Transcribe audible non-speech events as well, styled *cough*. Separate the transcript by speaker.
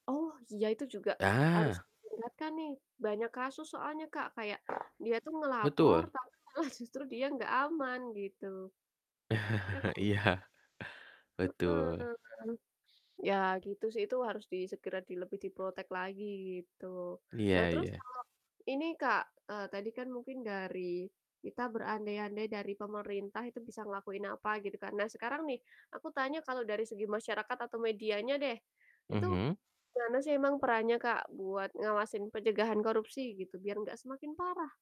Speaker 1: Oh, iya itu juga harus
Speaker 2: Ya.
Speaker 1: diingatkan nih, banyak kasus soalnya Kak, kayak dia itu ngelapor,
Speaker 2: Betul.
Speaker 1: tapi malah justru dia gak aman gitu. Ya
Speaker 2: *chuckles*
Speaker 1: kan?
Speaker 2: Iya.
Speaker 1: Heeh
Speaker 2: Betul.
Speaker 1: heeh. Ya gitu sih, itu harus di segera di lebih di-protect lagi gitu. Nah
Speaker 2: Iya
Speaker 1: terus
Speaker 2: iya.
Speaker 1: kalo ini Kak, eee, tadi kan mungkin dari kita berandai-andai dari pemerintah itu bisa ngelakuin apa gitu kan. Nah sekarang nih aku tanya kalau dari segi masyarakat atau medianya deh, itu
Speaker 2: Mhm.
Speaker 1: gimana sih emang perannya Kak, buat ngawasin pencegahan korupsi gitu biar nggak semakin parah?